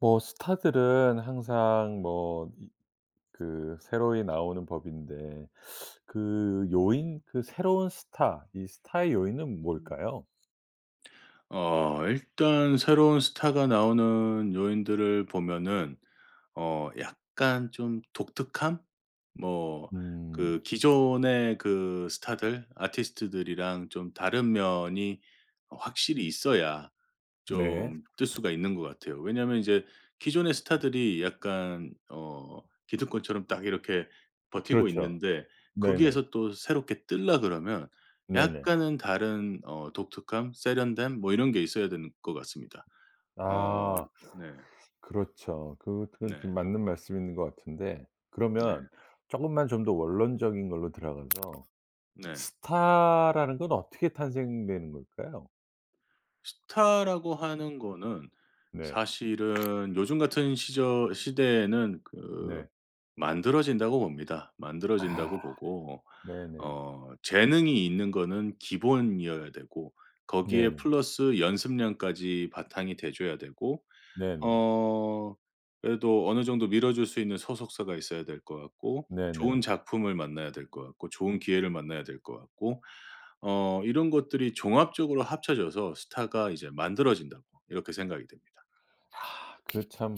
뭐 스타들은 항상 뭐 그 새로이 나오는 법인데 그 요인 그 새로운 스타 이 스타의 요인은 뭘까요? 어. 일단 새로운 스타가 나오는 요인들을 보면은 어. 약간 좀 독특한? 뭐 음. 그 기존의 그 스타들, 아티스트들이랑 좀 다른 면이 어. 확실히 있어야 네. 좀 뜰 수가 있는 것 같아요. 왜냐면 이제 기존의 스타들이 약간 어. 기득권처럼 딱 이렇게 버티고 그렇죠. 있는데 네네. 거기에서 또 새롭게 뜰라 그러면 네네. 약간은 다른 어. 독특함 세련됨 뭐 이런 게 있어야 되는 것 같습니다. 아. 어. 네. 그렇죠. 그 그건 좀 네. 맞는 말씀있는 것 같은데 네. 그러면 조금만 좀 더 원론적인 걸로 들어가서 네. 스타라는 건 어떻게 탄생되는 걸까요? 스타라고 하는 거는 네. 사실은 요즘 같은 시절 시대에는 그 네. 만들어진다고 봅니다. 아. 만들어진다고 보고. 네네. 어. 재능이 있는 거는 기본이어야 되고 거기에 네네. 플러스 연습량까지 바탕이 돼 줘야 되고. 네네. 어 그래도 어느 정도 밀어줄 수 있는 소속사가 있어야 될 것 같고 좋은 네네. 작품을 만나야 될 것 같고 좋은 기회를 만나야 될 것 같고 어. '이런 것들이 종합적으로 합쳐져서 스타가 이제 만들어진다.' 이렇게 생각이 듭니다. 그 참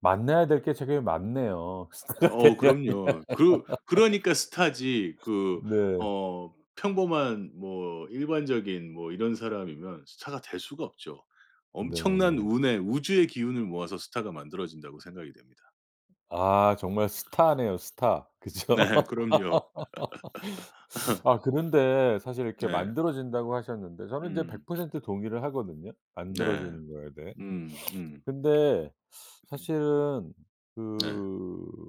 만나야 될 게 되게 많네요. 스타가 어. 되려면 그럼요. 그 그러니까 스타지 그 네. 어. 평범한 뭐 일반적인 뭐 이런 사람이면 스타가 될 수가 없죠. 엄청난 네. 운의 우주의 기운을 모아서 스타가 만들어진다고 생각이 됩니다. 아 정말 스타네요, 스타. 그쵸? 네. 그럼요. 아. 그런데 사실 이렇게 네. 만들어진다고 하셨는데 저는 인제 백 음. 퍼센트 동의를 하거든요. 네. 만들어지는 거에 대해. 음. 음. 근데 사실은 네. 그